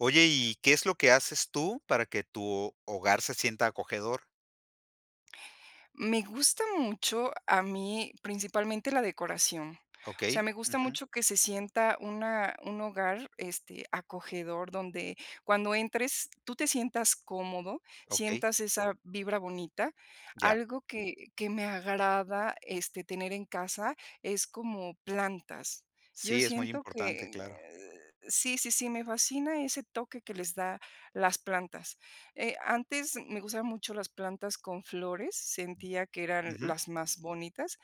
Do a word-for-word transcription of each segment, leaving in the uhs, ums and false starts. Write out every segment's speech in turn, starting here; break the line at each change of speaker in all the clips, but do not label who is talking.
Oye, y, ¿qué es lo que haces tú para que tu ho hogar se sienta acogedor?
Me gusta mucho a mí, principalmente, la decoración, o sea,
Okey,
me gusta
ujú.
mucho que se sienta una un hogar, este, acogedor, donde cuando entres, tú te sientas cómodo,
Okey.
sientas esa vibra bonita,
Ya.
algo que que me agrada, este, tener en casa es como plantas, yo
Sí, es muy
siento
importante,
que
claro.
sí, sí, sí, me fascina ese toque que les da las plantas, eh, antes me gustaban mucho las plantas con flores, sentía que eran
Ujú.
las más bonitas,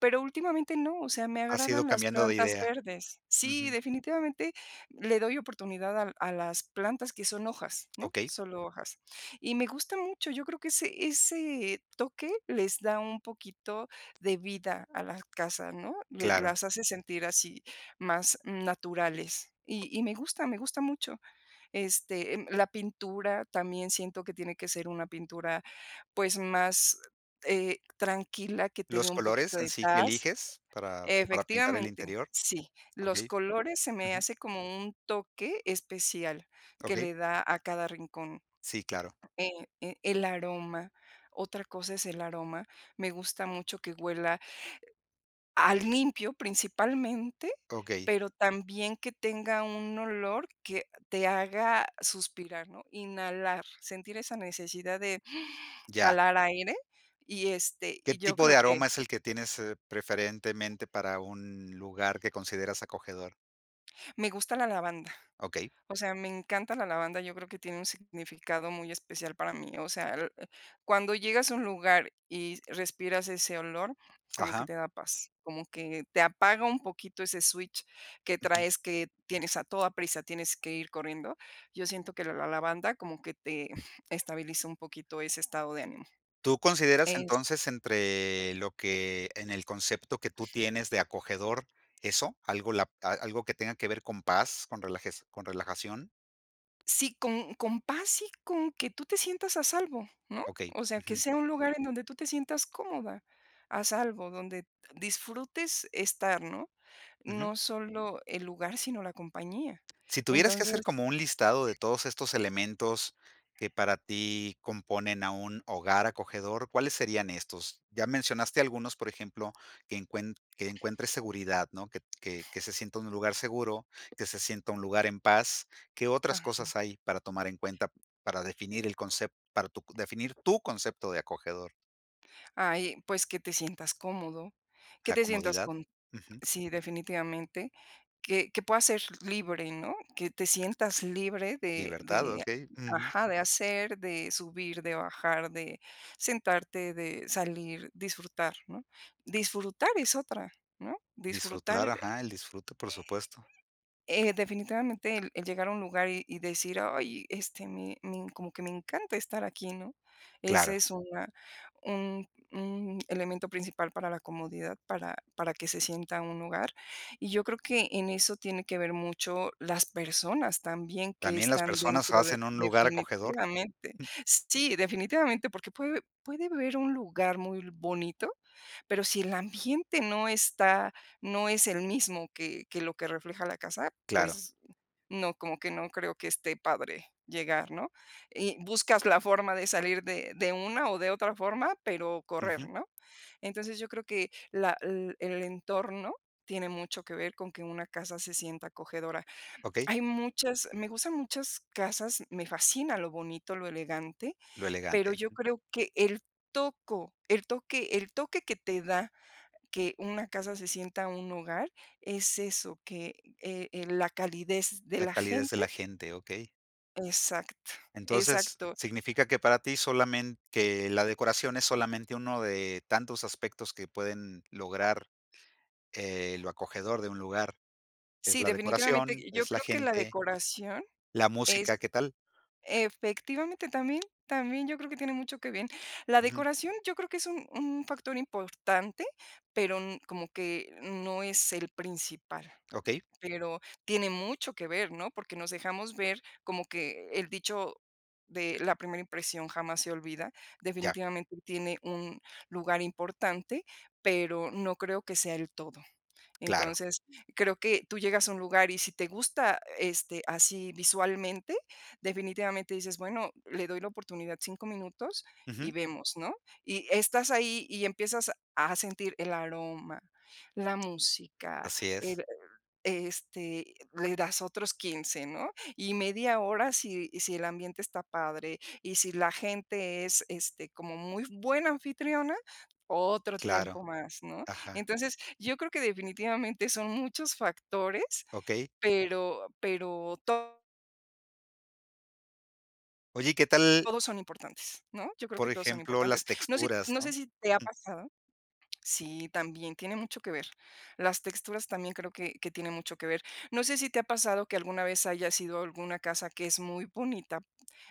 pero últimamente no, o sea, me
Has ido
agradan las
cambiando de
plantas
idea.
verdes Sí,
Ujú.
definitivamente le doy oportunidad al a las plantas que son hojas, ¿no?,
Okey.
solo hojas. Y me gusta mucho, yo creo que ese ese toque les da un poquito de vida a las casas, ¿no?, le
Claro.
las hace sentir así, más naturales y y me gusta, me gusta mucho, este, em, la pintura también siento que tiene que ser una pintura, pues, más, eh, tranquila, que te dé
¿Los
un
colores,
poquito
en
de
sí, que
taz
eliges para para pintar el
efectivamente,
interior?
sí, los
Okey,
colores se me
ujú.
hace como un toque especial que
Okey.
le da a cada rincón,
Sí, claro.
eh eh, el aroma. Otra cosa es el aroma, me gusta mucho que huela, eh, a limpio, principalmente,
Okey.
pero también que tenga un olor que te haga suspirar, ¿no?, inhalar, sentir esa necesidad de
Ya.
jalar aire y, este,
¿Qué
y yo
tipo de
creo
aroma
que.
es el que tienes, eh, preferentemente para un lugar que consideras acogedor?
Me gusta la lavanda.
Okey.
O sea, me encanta la lavanda. Yo creo que tiene un significado muy especial para mí. O sea, cuando llegas a un lugar y respiras ese olor, como que
Ajá.
te da paz, como que te apaga un poquito ese switch que
Ujú.
traes que tienes a toda prisa. Tienes que ir corriendo. Yo siento que la lavanda como que te estabiliza un poquito ese estado de ánimo,
¿Tú consideras
es
entonces entre lo que en el concepto que tú tienes de acogedor, eso? Algo la a algo que tenga que ver con paz, con con relajación.
Sí, con con paz y con que tú te sientas a salvo, ¿no?
Okey,
O sea, que
ujú.
sea un lugar en donde tú te sientas cómoda a salvo donde disfrutes estar, ¿no?
Ujú.
No solo el lugar, sino la compañía
Si tuvieras que
entonces
hacer como un listado de todos estos elementos que para ti componen a un hogar acogedor, ¿cuáles serían estos? Ya mencionaste algunos, por ejemplo, que encuen que encuentre seguridad, ¿no? Que, que, que se sienta en un lugar seguro, que se sienta en un lugar en paz. ¿Qué otras
Ajá.
cosas hay para tomar en cuenta, para definir el concep para tu definir, tú concepto de acogedor?
Ay, pues que te sientas cómodo, que
La
te sientas
comodidad,
con
ujú.
sí, definitivamente que que puedas ser libre, ¿no?, que te sientas libre de
Libertad,
de
okey, ujú.
ajá, de hacer, de subir, de bajar, de sentarte, de salir, disfrutar, ¿no?, disfrutar es otra, ¿no?, disfrutar
Disfrutar,
eh
ajá, el disfrute, por supuesto.
eh eh definitivamente el llegar a un lugar y y decir: "Ay, este, me me como que me encanta estar aquí, ¿no?, esa
Claro.
es una un un elemento principal para la comodidad, para para que se sienta un hogar. Y yo creo que en eso tiene que ver mucho las personas también que
También las
están
personas
dentro de
hacen un lugar acogedor,
definitivamente,
ujú.
sí, definitivamente, porque puede puede ver un lugar muy bonito, pero si el ambiente no está no es el mismo que que lo que refleja la casa,
Claro.
pues no, como que no creo que esté padre llegar, ¿no?, y buscas la forma de salir de de una o de otra forma, pero correr,
Ujú.
¿no?, entonces yo creo que la l el entorno tiene mucho que ver con que una casa se sienta acogedora.
Okey.
Hay muchas me gustan muchas casas, me fascina lo bonito, lo elegante
Lo
pero
elegante.
yo creo que el toco el toque el toque que te da que una casa se sienta un hogar es eso que, eh eh, la calidez de
La
la
calidez de
gente
la gente, okey.
Exacto.
Entonces,
Exacto.
significa que para ti solamen que la decoración es solamente uno de tantos aspectos que pueden lograr, eh, lo acogedor de un lugar es
Sí,
la decoración,
definitivamente. Yo
es la
creo que la
gente.
decoración
La música.
es
¿Qué tal?
efectivamente, también también yo creo que tiene mucho que ver la
Ujú.
decoración, yo creo que es un un factor importante, pero, mm, como que no es el principal,
Okey.
pero tiene mucho que ver, ¿no?, porque nos dejamos ver como que el dicho de la primera impresión jamás se olvida.
Ya.
Definitivamente tiene un lugar importante, pero no creo que sea el todo.
Claro.
Entonces, creo que tú llegas a un lugar y si te gusta, este, así visualmente, definitivamente dices: "Bueno, le doy la oportunidad cinco minutos
Ujú.
y vemos, ¿no?, y estás ahí y empiezas a sentir el aroma, la música,
Así es.
el, este le das otros quince, ¿no?, y media hora si, si el ambiente está padre. Y si la gente es, este, como muy buena anfitriona otro tiempo
Claro.
más, ¿no?,
Ajá.
entonces yo creo que definitivamente son muchos factores,
Okey.
pero pero to
Oye, ¿y qué tal
Todos son importantes, ¿no?, yo creo que
Por
todos son
ejemplo,
importantes,
las
no sé
texturas,
no sé
¿no?
si te ha
Ujú.
pasado Sí, también tiene mucho que ver las texturas también creo que que tiene mucho que ver. No sé, si te ha pasado que alguna vez hayas ido alguna casa que es muy bonita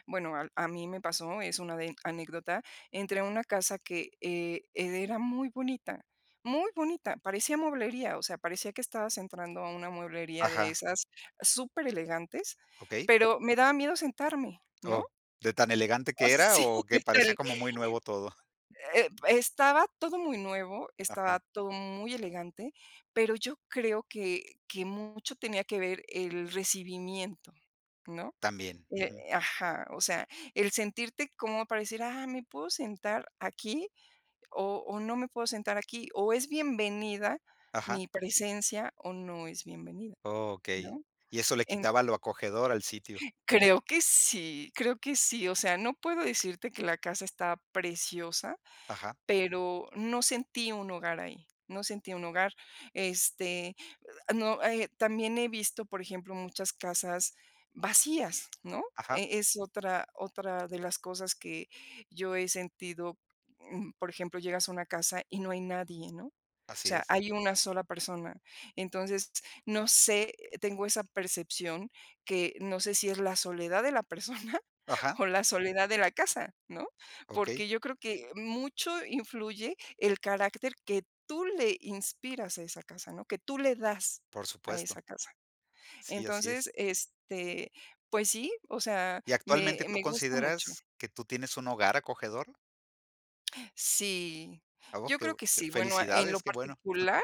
bueno, al a mí me pasó, es una de anécdota entré una casa que, eh, era muy bonita, muy bonita, parecía mueblería, o sea, parecía que estabas entrando a una mueblería de
Ajá.
esas superelegantes,
Okey.
pero me daba miedo sentarme, ¿no?
Oh, ¿de tan elegante
Oh,
que era,
sí
o que
que tal,
parecía como muy nuevo todo?
eh, estaba todo muy nuevo,
Ajá.
estaba todo muy elegante, pero yo creo que que mucho tenía que ver el recibimiento, ¿no?,
También,
eh,
ujú.
ajá, o sea, el sentirte como pareciera: "Ah, ¿me puedo sentar aquí, o o no me puedo sentar aquí?", o, ¿es bienvenida
Ajá.
mi presencia, o no es bienvenida?,
Okey,
¿no?,
y eso le
en
quitaba lo acogedor al sitio.
creo que sí creo que sí. O sea, no puedo decirte que la casa está preciosa,
Ajá.
pero no sentí un hogar ahí, no sentí un hogar, este no, eh, también he visto, por ejemplo, muchas casas vacías, ¿no?,
Ajá.
eh, es otra, otra de las cosas que yo he sentido, mm, por ejemplo, llegas a una casa y no hay nadie, ¿no? O
Así
sea,
es.
hay una sola persona. Entonces no sé, tengo esa percepción que no sé si es la soledad de la persona,
Ajá.
o la soledad de la casa, ¿no?
Okey.
Porque yo creo que mucho influye el carácter que tú le inspiras a esa casa, ¿no?, que tú le das
Por
a
supuesto.
esa casa.
Sí, así
Entonces,
es.
este, pues sí, o sea,
¿Y actualmente
me
tú
me gusta mucho.
consideras que tú tienes un hogar acogedor?
Sí,
A vos
yo
que
creo
bu
que
que
sí, bueno, en
felicidades,
lo
qué bueno.
particular,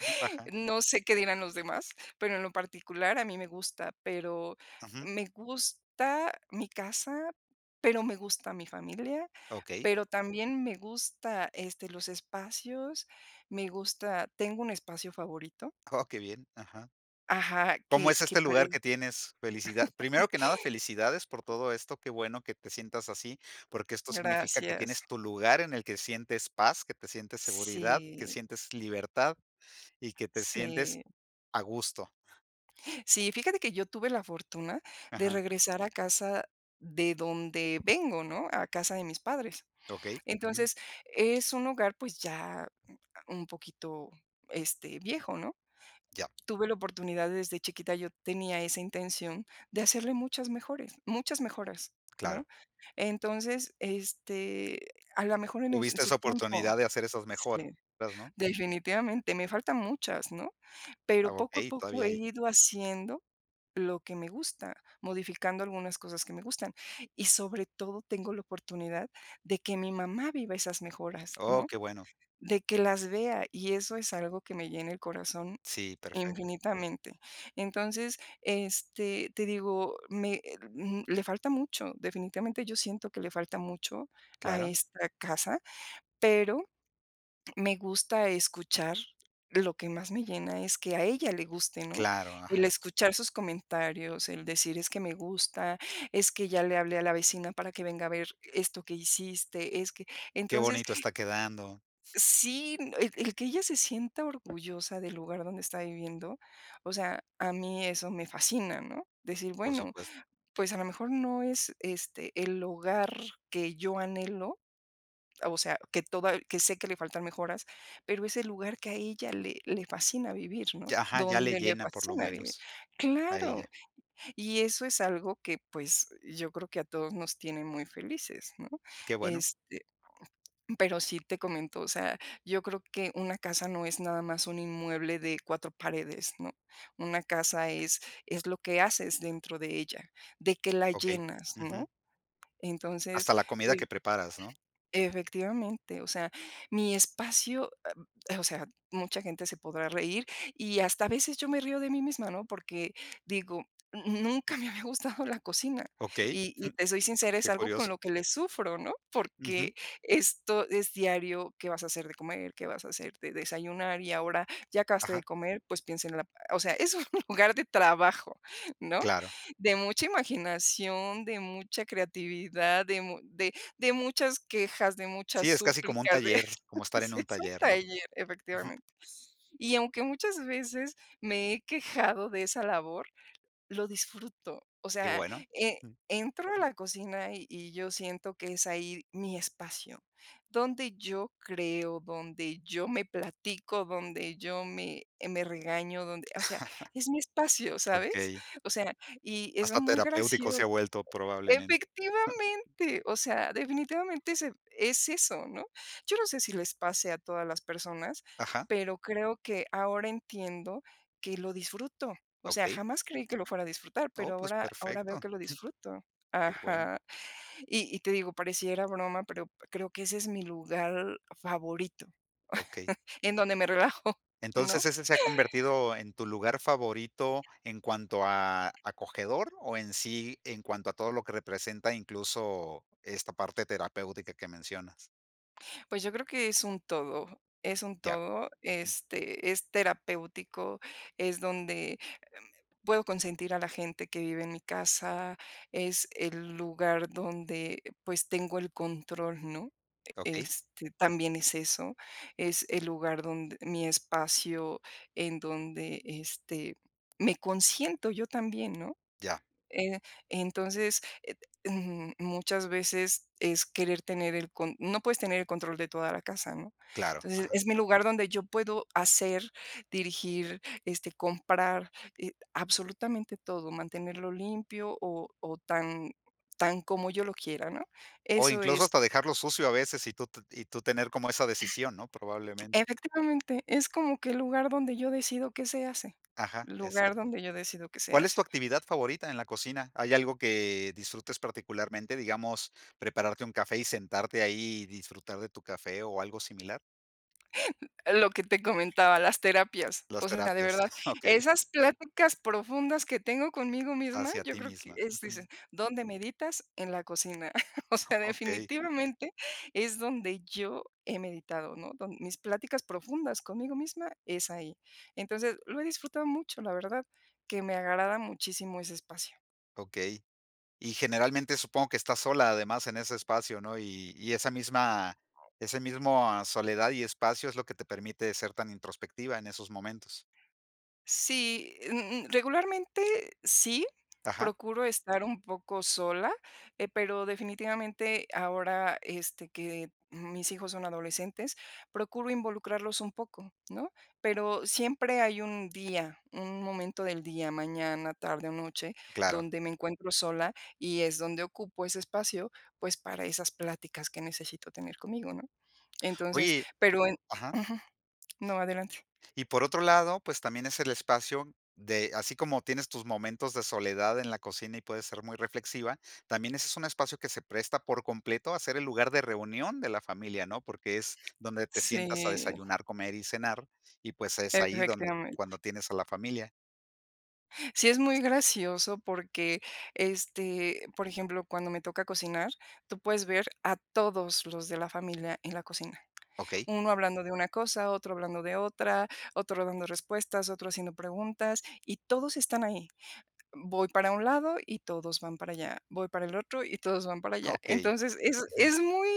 Ajá, ajá.
no sé qué dirán los demás, pero en lo particular, a mí me gusta, pero
Ujú.
me gusta mi casa, pero me gusta mi familia,
Okey.
pero también me gusta, este, los espacios, me gusta tengo un espacio favorito.
Oh, qué bien, ajá.
Ajá,
¿Cómo
que
es
que
este
pare
lugar que tienes? Felicidad primero que nada, felicidades por todo esto, qué bueno que te sientas así, porque esto significa que
Gracias.
tienes tu lugar en el que sientes paz, que te sientes seguridad, que
Sí
sientes libertad y que te sientes
Sí.
a gusto.
Sí, fíjate que yo tuve la fortuna de
Ajá.
regresar a casa de donde vengo, ¿no?, a casa de mis padres.
Okey, ujú.
Entonces, es un hogar, pues, ya un poquito, este, viejo, ¿no?,
Ya.
tuve la oportunidad. Desde chiquita yo tenía esa intención de hacerle muchas mejores muchas mejoras, ¿no?
Claro.
Entonces, este, a la mejor, en un en
Tuviste
su
esa
tiempo,
oportunidad de hacer esas mejoras,
sí,
¿no?
delfinitivamente, me faltan muchas, ¿no?,
Ah,
pero poco a
okey,
poco
todavía
he
ahí.
ido haciendo lo que me gusta, modificando algunas cosas que me gustan y sobre todo, tengo la oportunidad de que mi mamá viva esas mejoras,
Oh,
¿no?,
qué bueno.
de que las vea. Y eso es algo que me llena el corazón
Sí, perfecto.
infinitamente. Entonces, este, te digo me m le falta mucho, definitivamente, yo siento que le falta mucho a
Claro.
esta casa, pero me gusta escuchar lo que más me llena, es que a ella le guste, ¿no?,
Claro,
el
ajá.
escuchar sus comentarios, el decir: "Es que me gusta, es que ya le hablé a la vecina para que venga a ver esto que hiciste es que"
Qué
Entonces
bonito está quedando.
Sí, el el que ella se sienta orgullosa del lugar donde está viviendo, o sea, a mí eso me fascina, ¿no?, decir:
Por
"Bueno,
supuesto.
pues, a lo mejor, no es, este, el hogar que yo anhelo, o sea que toda que sé que le faltan mejoras, pero es el lugar que a ella le le fascina vivir, ¿no?,
Ya ajá, ya le
dónde le
llena por lo
fascina vivir".
menos a
Claro,
ella.
y eso es algo que, pues, yo creo que a todos nos tienen muy felices, ¿no?
Qué bueno.
Este, pero sí te comento, o sea, yo creo que una casa no es nada más un inmueble de cuatro paredes, ¿no?, una casa es es lo que haces dentro de ella, de qué la
Okey,
llenas,
ujú.
¿no? Entonces,
Hasta la comida que
pues
preparas, ¿no?
Efectivamente, o sea, mi espacio o sea, mucha gente se podrá reír y hasta a veces yo me río de mí misma, ¿no?, porque digo, n n nunca me había gustado la cocina
Okey,
y y te soy sincera, es
qué
algo con
curioso.
lo que le sufro, ¿no?,
Ujú.
porque esto es diario, ¿qué vas a hacer de comer? ¿Qué vas a hacer de desayunar? Y ahora ya acabaste de
Ajá.
comer, pues, piensa en la o sea, es un lugar de trabajo, ¿no?,
Claro.
de mucha imaginación, de mucha creatividad, de mu de de muchas quejas, de muchas
Sí, es casi como un
súplicas de
taller, como estar en
sí
un
es un
taller, ¿no?
taller,
Ujú.
efectivamente. Y aunque muchas veces me he quejado de esa labor, lo disfruto, o
Qué
sea,
bueno,
eh,
jum.
entro a la cocina y y yo siento que es ahí mi espacio donde yo creo, donde yo me platico, donde yo me, eh, me regaño, donde o sea, es mi espacio, ¿sabes?
Okey.
O sea, y es
Hasta
muy
terapéutico se ha
gracioso.
vuelto, probablemente.
Efectivamente, o sea, definitivamente es es eso, ¿no? Yo no sé si les pase a todas las personas,
Ajá.
pero creo que ahora entiendo que lo disfruto, o sea,
Okey.
jamás creí que lo fuera a disfrutar,
Oh,
pero
pues,
ahora ahora
perfecto.
veo que lo disfruto.
Qué bueno.
Ajá. Y y te digo pareciera broma, pero creo que ese es mi lugar favorito,
Okey.
en donde me relajo,
Entonces,
¿no?
¿ese se ha convertido en tu lugar favorito en cuanto a acogedor o en sí en cuanto a todo lo que representa, incluso, esta parte terapéutica que mencionas?
Pues, yo creo que es un todo es un
Ya.
todo,
Ujú.
este, es terapéutico, es donde, em, puedo consentir a la gente que vive en mi casa, es el lugar donde, pues, tengo el control, ¿no?, e
Okey.
este, también es eso. Es el lugar donde mi espacio en donde, este, me consiento yo también, ¿no?,
Ya.
eh, entonces, eh, mm, muchas veces es querer tener el con No puedes tener el control de toda la casa, ¿no?
Claro,
Entonces,
ajá.
es mi lugar, donde yo puedo hacer, dirigir, este, comprar, eh, absolutamente todo, mantenerlo limpio o o tan tan como yo lo quiera, ¿no?
O
Eso
incluso
es
hasta dejarlo sucio, a veces, y tú te y tú tener como esa decisión, ¿no?, probablemente.
Efectivamente, es como que el lugar donde yo decido qué se hace,
Ajá.
el lugar
Exacto.
donde yo decido qué se
¿Cuál es
hace.
tu actividad favorita en la cocina? ¿Hay algo que disfrutes particularmente, digamos, prepararte un café y sentarte ahí, y disfrutar de tu café, o algo similar?
Lo que te comentaba, las terapias.
Las
O sea, de
terapias.
verdad,
Okey.
esas pláticas profundas que tengo conmigo misma.
Hacia
Yo
ti
creo que
misma,
es
ujú.
dices, ¿dónde meditas? En la cocina. O sea,
Okey.
definitivamente, es donde yo he meditado, ¿no?, don mis pláticas profundas conmigo misma es ahí. Entonces, lo he disfrutado mucho, la verdad, que me agrada muchísimo ese espacio.
Okey. Y, generalmente, supongo que estás sola, además, en ese espacio, ¿no? Y y esa misma ese mismo soledad y espacio es lo que te permite ser tan introspectiva en esos momentos.
Sí, mm mm, regularmente, sí,
Ajá.
procuro estar un poco sola, eh, pero, definitivamente, ahora este que mis hijos son adolescentes, procuro involucrarlos un poco, ¿no? Pero siempre hay un día, un momento del día, mañana, tarde o noche,
Claro.
donde me encuentro sola y es donde ocupo ese espacio, pues, para esas pláticas que necesito tener conmigo, ¿no? Entonces
Oye
pero en
ajá.
ujú. No, adelante.
Y por otro lado, pues, también es el espacio de así como tienes tus momentos de soledad en la cocina y puedes ser muy reflexiva, también ese es un espacio que se presta por completo a ser el lugar de reunión de la familia, ¿no? Porque es donde te sientas a
Sí.
desayunar, comer y cenar, y, pues, es ahí donde
Efectivamente.
cuando tienes a la familia.
Sí es muy gracioso porque, este, por ejemplo, cuando me toca cocinar tú puedes ver a todos los de la familia en la cocina,
Okey.
uno hablando de una cosa, otro hablando de otra, otro dando respuestas, otro haciendo preguntas y todos están ahí. Voy para un lado y todos van para allá, voy para el otro y todos van para
Ah,
allá,
okey,
entonces es
ujú.
es muy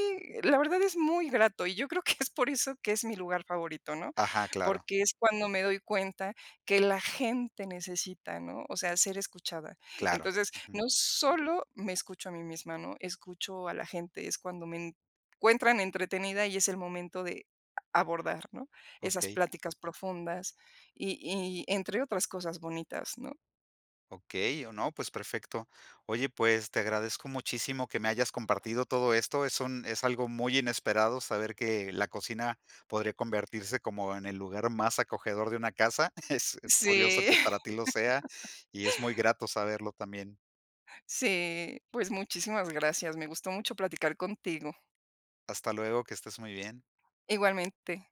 la verdad es muy grato y yo creo que es por eso que es mi lugar favorito, ¿no?
Ajá, claro.
Porque, es cuando me doy cuenta que la gente necesita ¿no? O sea, ser escuchada.
Claro,
Entonces,
ujú.
no solo me escucho a mí misma, ¿no? Escucho a la gente, es cuando me encuentran entretenida y es el momento de, a abordar, ¿no? Esas
Okey.
pláticas profundas y y entre otras cosas bonitas, ¿no?
Okey, o, no, pues, perfecto. Oye, pues te agradezco muchísimo que me hayas compartido todo esto, es un es algo muy inesperado saber que, la cocina podría convertirse como en el lugar más acogedor de una casa. Es es curioso
Sí.
que para ti lo sea y es muy grato saberlo también.
Sí, pues muchísimas gracias, me gustó mucho platicar contigo.
Hasta luego, que estés muy bien.
Igualmente.